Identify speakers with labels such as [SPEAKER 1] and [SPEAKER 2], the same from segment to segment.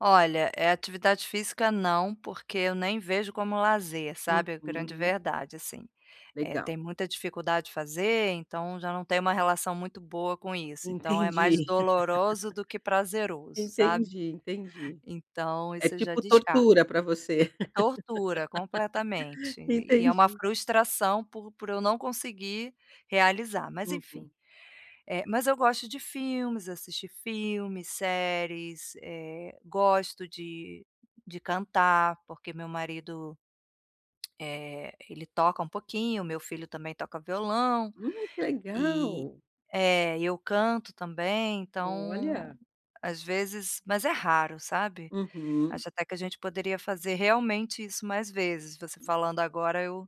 [SPEAKER 1] Olha, eh, atividade física não, porque eu nem vejo como lazer, sabe, a grande
[SPEAKER 2] Uhum.
[SPEAKER 1] verdade, assim. Eh,
[SPEAKER 2] Legal.
[SPEAKER 1] tem muita dificuldade de fazer, então, já não tem uma relação muito boa com isso, então é mais
[SPEAKER 2] Entendi,
[SPEAKER 1] doloroso do que prazeroso, sabe.
[SPEAKER 2] entendi, entendi.
[SPEAKER 1] Então,
[SPEAKER 2] É
[SPEAKER 1] isso eu já
[SPEAKER 2] tipo
[SPEAKER 1] descarto.
[SPEAKER 2] "tortura" pra você.
[SPEAKER 1] É tortura, completamente, e é uma
[SPEAKER 2] Entendi.
[SPEAKER 1] frustração por por eu não conseguir realizar, mas enfim.
[SPEAKER 2] Uhum.
[SPEAKER 1] Eh, mas eu gosto de filmes, assistir filmes, séries, eh, gosto de de cantar, porque meu marido, eh, ele toca um pouquinho, meu filho também toca violão,
[SPEAKER 2] Hum, que
[SPEAKER 1] eh
[SPEAKER 2] legal!
[SPEAKER 1] é, e eu canto também então,
[SPEAKER 2] Olha.
[SPEAKER 1] às vezes mas é raro, sabe.
[SPEAKER 2] Uhum.
[SPEAKER 1] Acho até que a gente poderia fazer, realmente, isso mais vezes, você falando agora eu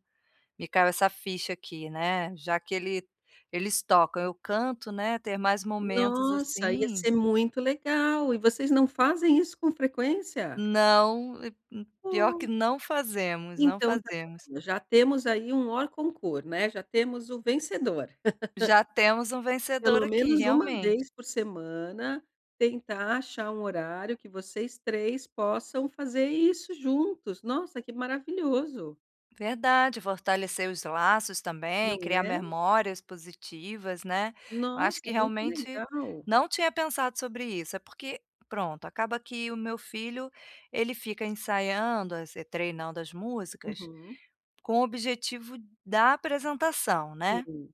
[SPEAKER 1] me caiu essa ficha aqui, né, já que ele eles tocam, eu canto, né, ter mais momentos
[SPEAKER 2] Nossa, ia
[SPEAKER 1] assim
[SPEAKER 2] ser muito legal. E vocês não fazem isso com frequência?
[SPEAKER 1] Não, eh eh, pior que
[SPEAKER 2] Nossa.
[SPEAKER 1] não fazemos, não
[SPEAKER 2] Então está
[SPEAKER 1] fazemos.
[SPEAKER 2] bom, já temos aí um hors concours, né, já temos o vencedor.
[SPEAKER 1] Já temos um vencedor
[SPEAKER 2] Pelo
[SPEAKER 1] aqui,
[SPEAKER 2] menos 1
[SPEAKER 1] realmente.
[SPEAKER 2] vez por semana, tentar achar um horário que vocês 3 possam fazer isso juntos, nossa, que maravilhoso.
[SPEAKER 1] Verdade, fortalecer os laços também,
[SPEAKER 2] Não
[SPEAKER 1] criar
[SPEAKER 2] é.
[SPEAKER 1] memórias positivas, né. Eu acho
[SPEAKER 2] Nossa,
[SPEAKER 1] que,
[SPEAKER 2] muito
[SPEAKER 1] realmente,
[SPEAKER 2] legal.
[SPEAKER 1] não tinha pensado sobre isso, é porque pronto, acaba que o meu filho, ele fica ensaiando, es eh, treinando as músicas,
[SPEAKER 2] Uhum.
[SPEAKER 1] com o objetivo da apresentação. né.
[SPEAKER 2] Sim.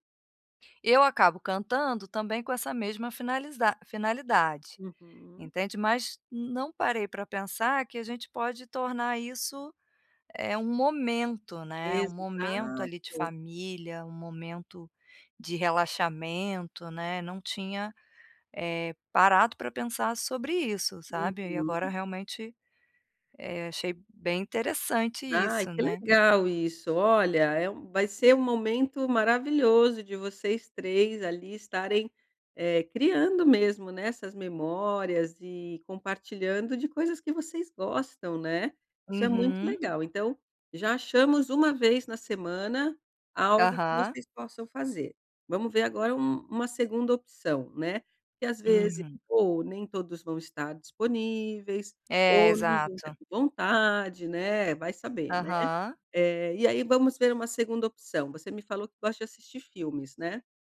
[SPEAKER 1] Eu acabo cantando, também, com essa mesma finalisdade finalidade,
[SPEAKER 2] Uhum.
[SPEAKER 1] entende. Mas, não parei pra pensar que a gente pode tornar isso, eh, um momento, né. Um momento ali de
[SPEAKER 2] Exato.
[SPEAKER 1] família, um momento de relaxamento, né, não tinha, eh, parado pra pensar sobre isso, sabe. Aí agora,
[SPEAKER 2] Uhum.
[SPEAKER 1] realmente, eh, achei bem interessante
[SPEAKER 2] Ai,
[SPEAKER 1] isso,
[SPEAKER 2] que
[SPEAKER 1] né.
[SPEAKER 2] legal isso, olha, é um vai ser um momento maravilhoso de vocês 3 ali estarem, eh, criando mesmo, né, essas memórias e compartilhando de coisas que vocês gostam, né. Isso é muito
[SPEAKER 1] Uhum.
[SPEAKER 2] legal, então, já achamos 1 vez na semana algo que
[SPEAKER 1] Aham.
[SPEAKER 2] vocês possam fazer. Vamos ver agora um uma segunda opção, né? Porque às vezes
[SPEAKER 1] Uhum.
[SPEAKER 2] ou nem todos vão estar disponíveis,
[SPEAKER 1] Eh,
[SPEAKER 2] ou não vão estar
[SPEAKER 1] exato.
[SPEAKER 2] com vontade, né, vai saber, né.
[SPEAKER 1] Aham.
[SPEAKER 2] Eh, e aí vamos ver uma segunda opção, você me falou que gosta de assistir filmes, né.